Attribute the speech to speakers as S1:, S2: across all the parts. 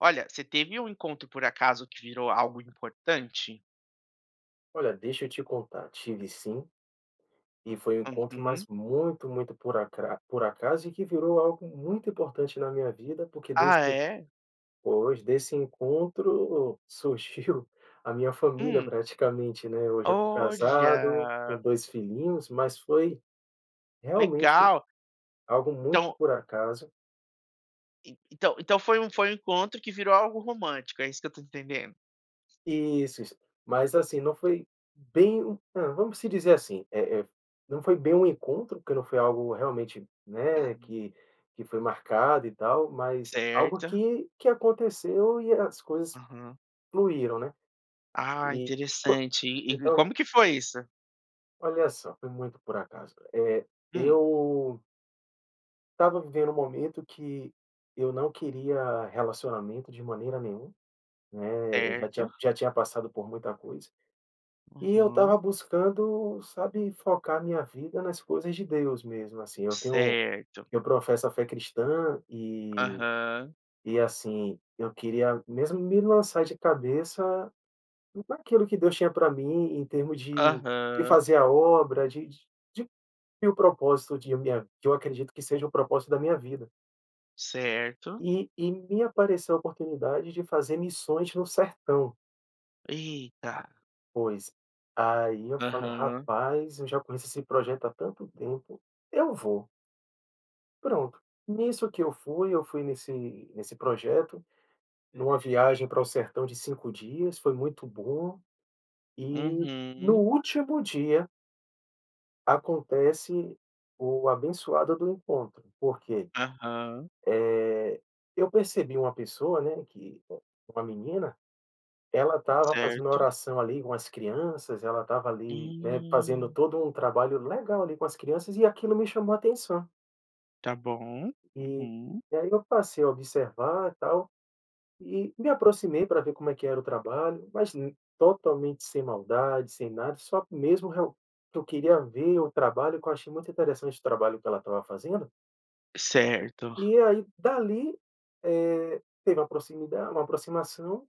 S1: Olha, você teve um encontro por acaso que virou algo importante?
S2: Olha, deixa eu te contar. Tive sim, e foi um encontro, mas
S1: Uhum.
S2: muito, muito por acra por acaso e que virou algo muito importante na minha vida, porque desse
S1: Ah, é?
S2: pois, desse encontro surgiu a minha família
S1: Hum.
S2: praticamente, né? Hoje eu estou casado com
S1: Olha!
S2: 2 filhinhos, mas foi, realmente,
S1: Legal!
S2: algo muito
S1: Então
S2: por acaso.
S1: e então então foi um foi um encontro que virou algo romântico, é isso que eu tô entendendo?
S2: Isso, isso. Mas, assim, não foi bem ah, vamos se dizer assim, eh eh, não foi bem um encontro, porque não foi algo realmente,
S1: Ah.
S2: né, que que foi marcado e tal, mas algo
S1: Certo.
S2: que que aconteceu e é as coisas
S1: Aham.
S2: fluíram, né?
S1: Ah,
S2: E foi
S1: interessante. E e
S2: então
S1: como que foi isso?
S2: Olha só, foi muito por acaso, eh,
S1: Hum.
S2: eu estava vivendo um momento que eu não queria relacionamento de maneira nenhuma, né, já
S1: Certo.
S2: tinha já tinha passado por muita coisa. E eu estava
S1: Uhum.
S2: buscando, sabe, focar minha vida nas coisas de Deus mesmo, assim. Eu tenho
S1: Certo.
S2: eu professo a fé cristã e
S1: Aham.
S2: e, assim, eu queria mesmo me lançar de cabeça naquilo que Deus tinha pra mim, em termos de de
S1: Aham.
S2: fazer a obra, de de de cumprir o propósito de minha que eu acredito que seja o propósito da minha vida.
S1: Certo.
S2: E e me apareceu a oportunidade de fazer missões no sertão.
S1: Eita.
S2: Pois, aí eu falei:
S1: Aham.
S2: "Rapaz, eu já conheço esse projeto há tanto tempo, eu vou." Pronto, nisso que eu fui, eu fui nesse nesse projeto, numa viagem pra o sertão de 5 dias, foi muito bom, e no
S1: Uhum.
S2: último dia acontece o abençoado do encontro, por quê?
S1: Aham.
S2: Eh, eu percebi uma pessoa, né, que uma menina, ela estava fazendo
S1: Certo.
S2: oração ali com as crianças, ela estava ali, né, fazendo
S1: Hum.
S2: todo o trabalho legal, ali, com as crianças e aquilo me chamou atenção.
S1: Tá bom,
S2: E
S1: uhum.
S2: e aí eu passei a observar e tal, e me aproximei pra ver como é que era o trabalho, mas totalmente sem maldade, sem nada, só mesmo real que eu queria ver o trabalho que eu achei muito interessante o trabalho que ela estava fazendo.
S1: Certo.
S2: E aí dali teve, eh, uma proximida uma aproximação,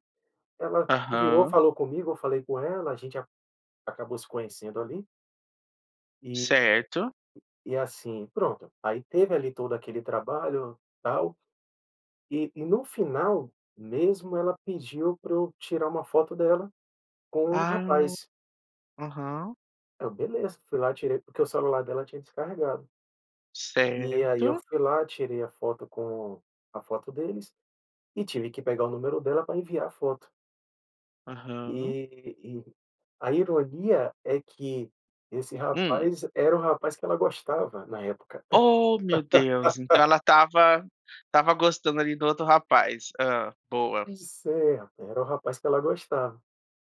S2: ela virou
S1: Aham.
S2: falou comigo, eu falei com ela a gente a acabou se conhecendo ali. E
S1: Certo.
S2: E assim pronto, aí teve ali todo aquele trabalho tal, e e no final mesmo, ela pediu pra eu tirar uma foto dela com um
S1: Ah.
S2: rapaz.
S1: Aham.
S2: Aí eu: "Beleza." Fui lá, tirei porque o celular dela tinha descarregado. E aí, eu
S1: Certo.
S2: fui lá, tirei a foto com a foto deles e tive que pegar o número dela pra enviar a foto.
S1: Aham.
S2: E e a ironia é que esse
S1: Hum.
S2: rapaz era o rapaz que ela gostava na época.
S1: Oh, meu Deus. Então, ela estava estava gostando, ali, do outro rapaz. Hã, boa.
S2: Pois é, rapaz, era o rapaz que ela gostava.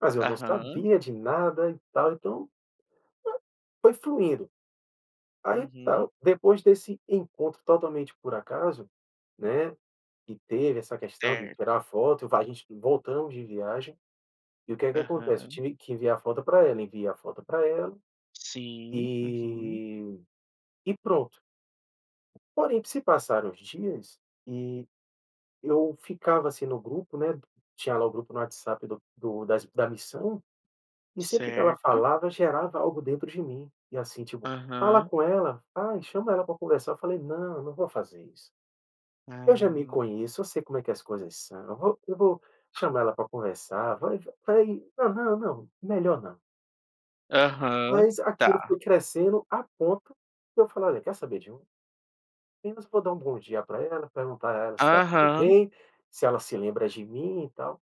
S2: Mas eu não
S1: Aham.
S2: sabia de nada e tal, então, eh, foi fluindo. Aí
S1: Uhum.
S2: tal. Depois desse encontro totalmente por acaso, né, que teve essa questão de tirar
S1: Certo.
S2: foto e va e a gente voltamos de viagem. E o que é que acontece? Eu
S1: Aham.
S2: tive que enviar a foto pra ela. Enviei a foto pra ela
S1: Sim, uhum.
S2: e e pronto. Porém, se passaram os dias e eu ficava, assim, no grupo, né, tinha lá o grupo no WhatsApp do do das da missão, e sempre que ela
S1: Certo.
S2: falava gerava algo dentro de mim, e assim, tipo: "Fala
S1: Aham.
S2: com ela. Ai, chama ela pra conversar". Eu falei: "Não, eu não vou fazer isso. Eu já me
S1: Ah.
S2: conheço, eu sei como é que as coisas são. Eu vou eu vou chamar ela pra conversar vai" Falei: "Hã, não melhor não".
S1: Aham,
S2: Mas aquilo
S1: tá.
S2: foi crescendo a ponto de eu falar: "Olha, quer saber de uma? Apenas vou dar um bom dia pra ela, perguntar pra ela se tá tudo
S1: Aham.
S2: bem, se ela se lembra de mim e tal".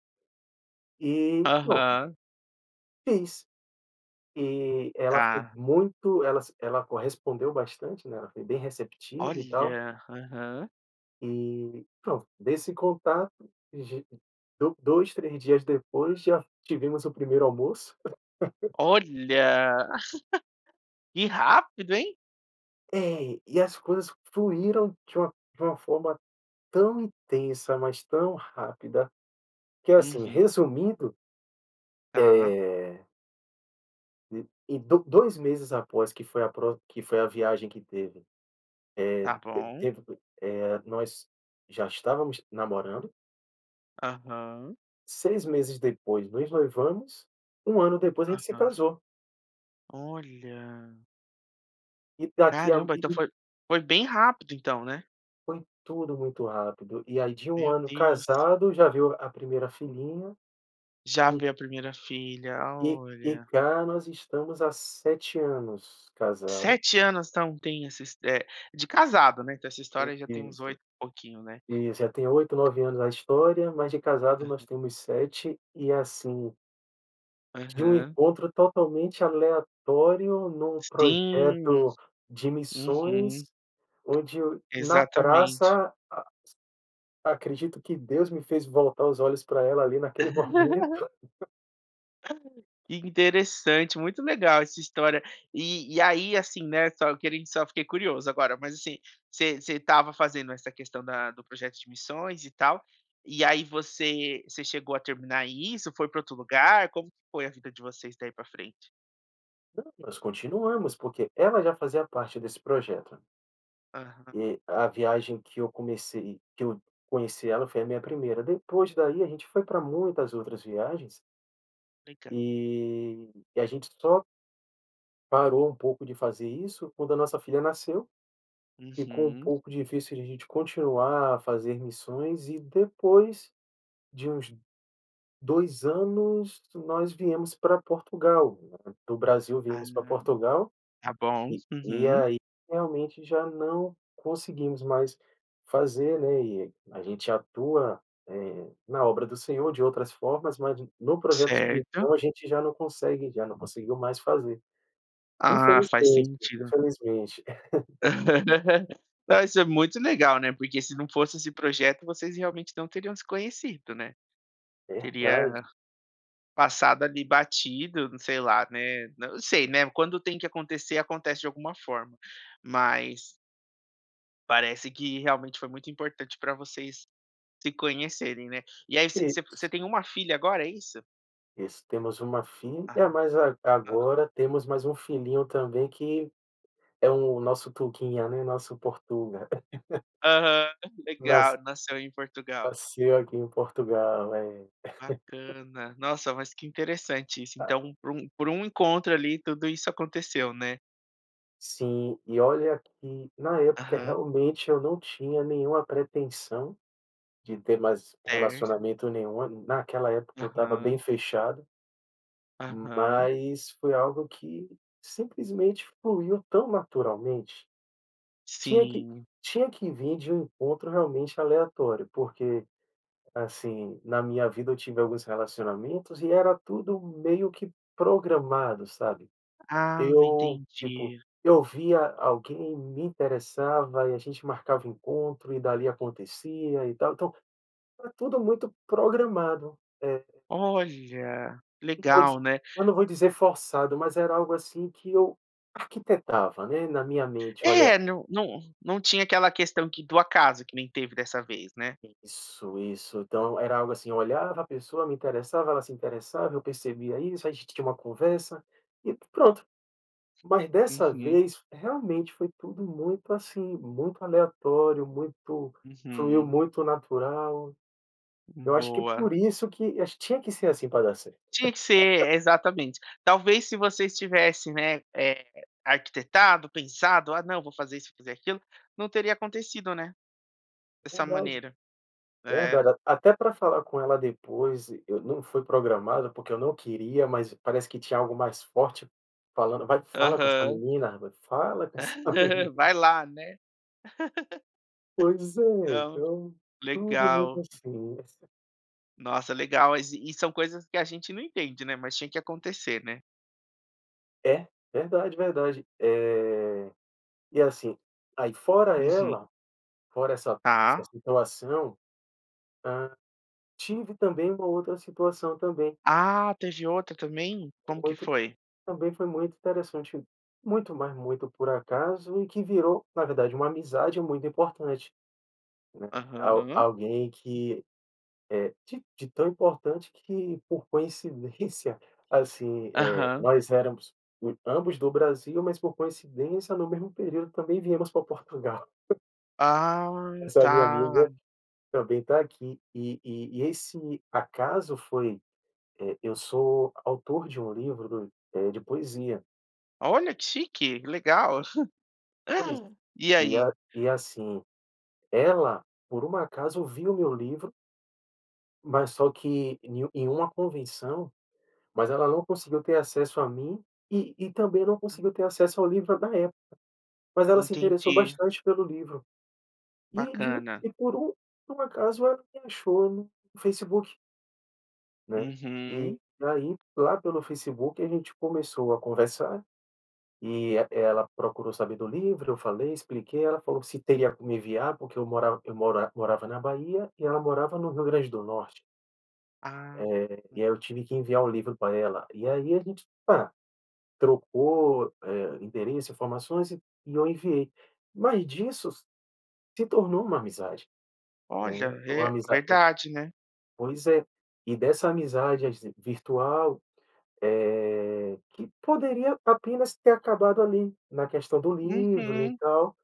S2: E pronto.
S1: Aham.
S2: Fiz. E ela foi
S1: Tá.
S2: muito ela se ela correspondeu bastante, né, ela foi bem receptiva e tal.
S1: Olha! Aham.
S2: E pronto, desse contato, de do 2, 3 dias depois já tivemos o primeiro almoço.
S1: Olha. Que rápido, hein?
S2: É e, as coisas fluíram de um de uma forma tão intensa, mas tão rápida que, assim,
S1: Uhum.
S2: resumindo,
S1: Tá.
S2: eh Em do 2 meses após que foi a pro que foi a viagem que teve,
S1: Tá
S2: eh, te
S1: bom.
S2: teve, eh, nós já estávamos namorando.
S1: Aham.
S2: 6 meses depois nos noivamos, um ano depois a gente se
S1: Aham.
S2: casou.
S1: Olha.
S2: E daqui
S1: Caramba, então
S2: ali
S1: foi foi bem rápido então, né?
S2: Foi tudo muito rápido, e aí de um
S1: Meu
S2: ano
S1: Deus.
S2: casado, já veio a primeira filhinha
S1: Já
S2: e
S1: veio a primeira filha,
S2: e e
S1: olha.
S2: cá nós estamos há 7 anos casado.
S1: 7 anos então tem esses, eh, de casado, né? Então essa
S2: É
S1: história já tem uns
S2: isso,
S1: 8 e pouquinho, né?
S2: isso já tem 8, 9 anos na história, mas de casado nós
S1: Aham.
S2: temos 7, e assim de um
S1: Aham.
S2: encontro totalmente aleatório num
S1: Sim.
S2: projeto de
S1: Uhum.
S2: missões, onde o na
S1: Exatamente.
S2: praça, a acredito que Deus me fez voltar os olhos pra ela ali naquele momento.
S1: [unintelligible] Interessante, muito legal essa história. E e aí, assim, né, só eu queren só fiquei curioso agora, mas assim, você você estava fazendo essa questão da do projeto de missões e tal, e aí você você chegou a terminar isso? Foi pra outro lugar? Como que foi a vida de vocês daí pra frente?
S2: Não, nós continuamos porque ela já fazia parte desse projeto.
S1: Aham.
S2: E, a viagem que eu comecei que eu conheci ela foi a minha 1ª. Depois dali, a gente foi pra muitas outras viagens
S1: Legal.
S2: e e a gente só parou um pouco de fazer isso quando a nossa filha nasceu. Ficou um
S1: Uhum.
S2: pouco difícil de a gente continuar a fazer missões, e depois de uns 2 anos, nós viemos pra Portugal. Do Brasil viemos pra
S1: Ah.
S2: Portugal,
S1: Tá bom.
S2: e e
S1: Uhum.
S2: aí realmente já não conseguimos mais fazer, né, e a gente atua, eh, na obra do Senhor de outras formas, mas no projeto
S1: Certo.
S2: então a gente já não consegue já não conseguiu mais fazer.
S1: Ah, faz
S2: Infelizmente,
S1: sentido.
S2: infelizmente.
S1: Ah, isso é muito legal, né, porque se não fosse esse projeto, vocês realmente não teriam se conhecido, né.
S2: Verdade.
S1: Teria passado, ali, batido, n sei lá, né n não sei, né, quando tem que acontecer, acontece de alguma forma. Mas parece que realmente foi muito importante pra vocês se conhecerem, né. E aí você você você
S2: Isso.
S1: tem 1 filha agora, é isso?
S2: Isso. Temos 1 fi
S1: Ah.
S2: é, mas ag
S1: [unintelligible]
S2: agora temos mais 1 filhinho também, que é o nosso tuguinha, né, nosso portuga.
S1: Aham.
S2: Nasc
S1: Legal, nasceu em Portugal.
S2: Nasceu aqui em Portugal, é.
S1: Bacana. Nossa, mas que interessante isso. Então, por um por um encontro ali, tudo isso aconteceu, né?
S2: Sim, e olha que na época
S1: Aham.
S2: realmente eu não tinha nenhuma pretensão de ter mais
S1: Certo.
S2: relacionamento nenhum, naquela época eu estava bem
S1: Aham.
S2: fechado.
S1: Aham.
S2: Mas foi algo que simplesmente fluiu tão naturalmente, tinha que
S1: Sim.
S2: tinha que vir de um encontro realmente aleatório, porque, assim, na minha vida eu tive alguns relacionamentos, e era tudo meio que programado, sabe?
S1: Ah,
S2: Eu tipo,
S1: entendi.
S2: eu via alguém, me interessava e a gente marcava encontro e dali acontecia e tal, então era tudo muito programado, é.
S1: Olha,
S2: Não vou
S1: legal
S2: dizer
S1: né?
S2: eu não vou dizer forçado, mas era algo, assim, que eu arquitetava né, na minha mente, olha
S1: É, não não não tinha aquela questão que, do acaso, que nem teve dessa vez né?
S2: Isso, isso, então era algo, assim, eu olhava, a pessoa me interessava, ela se interessava, eu percebia isso, a gente tinha uma conversa e pronto, mas dessa
S1: Uhum.
S2: vez realmente foi tudo muito, assim, muito aleatório muito fluiu
S1: Uhum.
S2: muito natural.
S1: Hum,
S2: Eu acho que
S1: boa.
S2: por isso que, tinha que ser assim pra dar certo.
S1: Tinha que ser, é, exatamente, talvez se você estivesse né eh, arquitetado, pensado, "Ah não vou fazer isso fazer aquilo", não teria acontecido né, dessa
S2: Verdade,
S1: maneira, é.
S2: verdade, até pra falar com ela depois, eu não fui programado, porque eu não queria, mas parece que tinha algo mais forte falando: "Vai, fala com essa
S1: Aham.
S2: menina, vai, fala com essa menina.".
S1: Vai lá né?
S2: Pois é,
S1: Não?
S2: então tudo muito
S1: Legal.
S2: assim.
S1: Nossa legal, e e são coisas que a gente não entende né, mas tinha que acontecer né.
S2: É, verdade, verdade, eh, e assim, aí fora
S1: Uhum.
S2: ela fora, essa essa
S1: Tá.
S2: situação, ah, tive também uma outra situação também.
S1: Ah, teve outra também? Como que
S2: Muito
S1: foi?
S2: também foi muito interessante, muito mais muito por acaso, e que virou, na verdade, uma amizade muito importante, né, al
S1: Aham.
S2: alguém que, eh, de de tão importante que por coincidência, assim, eh,
S1: Aham.
S2: nós éramos ambos do Brasil, mas por coincidência, no mesmo período também viemos pra Portugal.
S1: Ah
S2: Essa minha amiga
S1: tá!
S2: também tá aqui, e e esse acaso foi, eh, eu sou autor de um livro do eh, de poesia.
S1: Olha que chique, legal.
S2: Pois,
S1: Hã, e
S2: e
S1: aí?
S2: e assim, ela por um acaso viu o meu livro mas só que ne em uma convenção, mas ela não conseguiu ter acesso a mim, e e também não conseguiu ter acesso ao livro da época, mas ela se interessou
S1: Entendi.
S2: bastante pelo livro. E de
S1: Bacana.
S2: e por um por um acaso ela me achou no Facebook. Né, e
S1: Uhum.
S2: aí lá pelo Facebook a gente começou a conversar, e ela procurou saber do livro eu falei expliquei ela falou que se teria como enviar porque eu morav eu mora eu morava na Bahia e ela morava no Rio Grande do Norte.
S1: Ah.
S2: Eh, e aí eu tive que enviar o livro pra ela e aí a gente pa trocou, hã, endereço informações, e eu enviei mas disso se tornou uma amizade, né,
S1: Olha,
S2: uma
S1: é
S2: amizade
S1: verdade, né?
S2: pois é, e dessa amizade virtual, eh, que poderia apenas ter acabado ali, na questão do livro e
S1: Uhum.
S2: tal,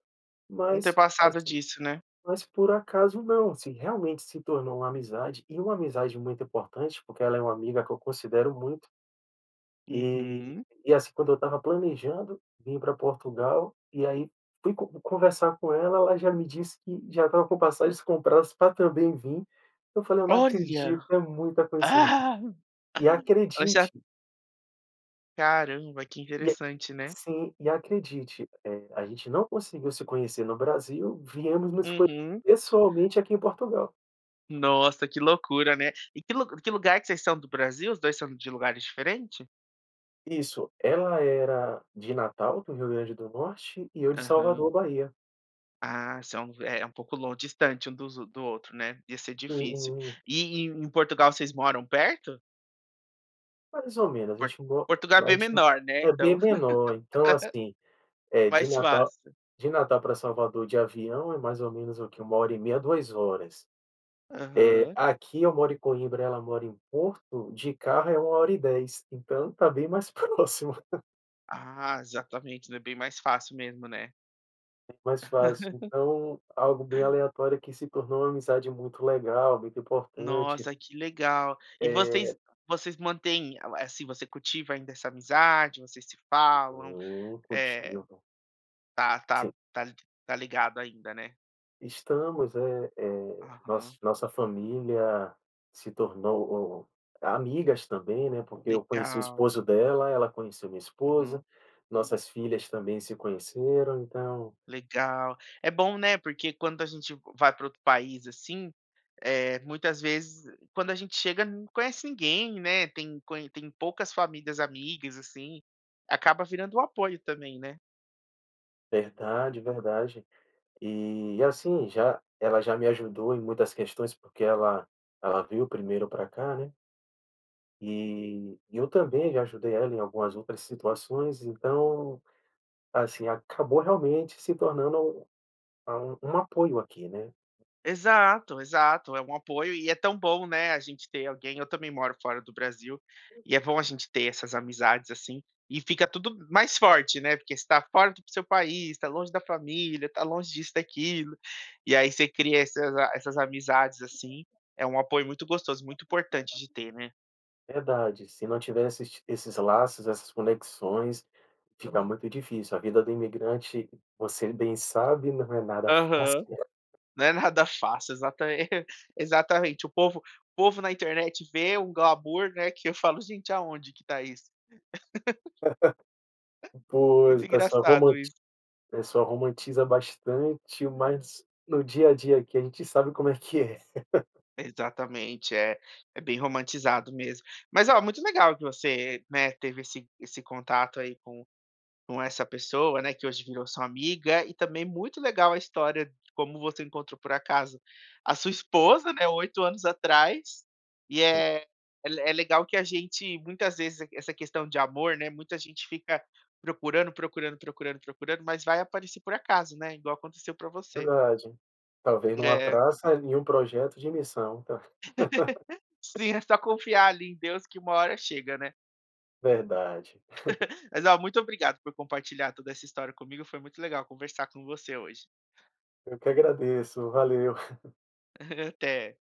S1: Não ter
S2: mas
S1: passado
S2: assim,
S1: disso, né?
S2: mas por acaso não, assim, realmente se tornou uma amizade. E uma amizade muito importante porque ela é uma amiga que eu considero muito, e
S1: Uhum.
S2: e assim quando eu estava planejando vim pra Portugal e aí fui conversar com ela, ela já me disse que já estava com passagens compradas pra também vim, eu falei: "Eu não
S1: Olha.
S2: acredito é muita coincidên" e
S1: Ela já
S2: acredite
S1: Caramba que
S2: e,
S1: interessante né?
S2: assim, e acredite, eh, a gente não conseguiu se conhecer no Brasil viemos nos conhecer
S1: Uhum.
S2: pessoalmente aqui em Portugal.
S1: Nossa, que loucura, né. E que lug que lugar que vocês são do Brasil? Os 2 são de lugares diferentes?
S2: Isso, ela era de Natal do Rio Grande do Norte e eu de Salvador,
S1: Aham.
S2: Bahia.
S1: Ah, esse é, eh, é pouco lon distante dos do outro, né. Ia ser difícil.
S2: Uhum.
S1: E e em Portugal vocês moram perto?
S2: Mais ou menos, a
S1: Por
S2: gente a mo
S1: Portugal é
S2: a
S1: bem
S2: gente
S1: menor, né,
S2: é bem
S1: então.
S2: menor então assim, eh, de
S1: Mais
S2: Natal
S1: fácil.
S2: de Natal pra Salvador de avião é mais ou menos o que, 1h30 2h, eh,
S1: Aham.
S2: aqui eu moro em Coimbra ela mora em Porto de carro é 1h10 então está bem mais próximo.
S1: Ah, exatamente, né, bem mais fácil mesmo, né?
S2: Mais fácil, então algo bem aleatório que se tornou uma amizade muito legal, muito importante.
S1: Nossa, que legal! E vocês
S2: Eh.
S1: vocês mantêm, assim, você cultiva ainda essa amizade, vocês se falam?
S2: Hum,
S1: Eh,
S2: cultivo.
S1: tá tá
S2: Sim.
S1: tá tá ligado ainda, né?
S2: Estamos, eh eh, noss
S1: Aham.
S2: nossa família se tornou amigas também, né, porque eu conheci o
S1: Legal.
S2: esposo dela, ela conheceu minha esposa,
S1: Uhum.
S2: nossas filhas também se conheceram, então
S1: Legal. É bom, né, porque quando a gente vai pra outro país, assim, eh, muitas vezes quando a gente chega não conhece ninguém, né, tem con tem poucas famílias amigas, assim, acaba virando um apoio também, né?
S2: Verdade, verdade, e, assim, já ela já me ajudou em muitas questões, porque ela ela veio primeiro para cá, né. Eh, e eu também já ajudei ela em algumas outras situações, então, assim, acabou realmente se tornando um a um um apoio aqui, né.
S1: Exato, exato. É um apoio, e é tão bom, né, a gente ter alguém. Eu também moro fora do Brasil e é bom a gente ter essas amizades, assim. E fica tudo mais forte, né. Porque você está fora do seu país, está longe da família, está longe disso e daquilo e aí você cria essas a essas amizades, assim.
S2: [unintelligible]
S1: É um apoio muito gostoso,
S2: [unintelligible]
S1: muito importante de ter, né.
S2: Verdade, se não tivesse esse esses laços, essas conexões, fica muito difícil. A vida do imigrante, você bem sabe, não é nada fácil,
S1: Aham.
S2: né.
S1: Não é nada fácil, exata exatamente, o povo o povo na internet vê um glamour, né, que eu falo: "Gente, onde que tá isso?"
S2: Pois,
S1: Muito
S2: o pessoal
S1: engraçado
S2: romanti
S1: isso.
S2: pessoal romantiza bastante, mas no dia a dia aqui a gente sabe como é que é.
S1: Exatamente, é é bem romantizado mesmo. Mas, olha, muito legal que você, né, teve esse esse contato aí com com essa pessoa, né, que hoje virou sua amiga, e também muito legal a história de como você encontrou, por acaso, a sua esposa, né, 8 anos atrás, e,
S2: Sim.
S1: é é le é legal que a gente, muitas vezes, e q essa questão de amor, né, muita gente fica procurando, procurando, procurando, procurando, mas vai aparecer por acaso, né, igual aconteceu pra você.
S2: Verdade, talvez numa
S1: É.
S2: praça, em projeto de missão tá.
S1: Sim, é só confiar ali em Deus que uma hora chega, né.
S2: Verdade.
S1: Mas, oh, muito obrigado por compartilhar toda essa história comigo, foi muito legal conversar com você hoje.
S2: Eu que agradeço, valeu.
S1: Aham. Até.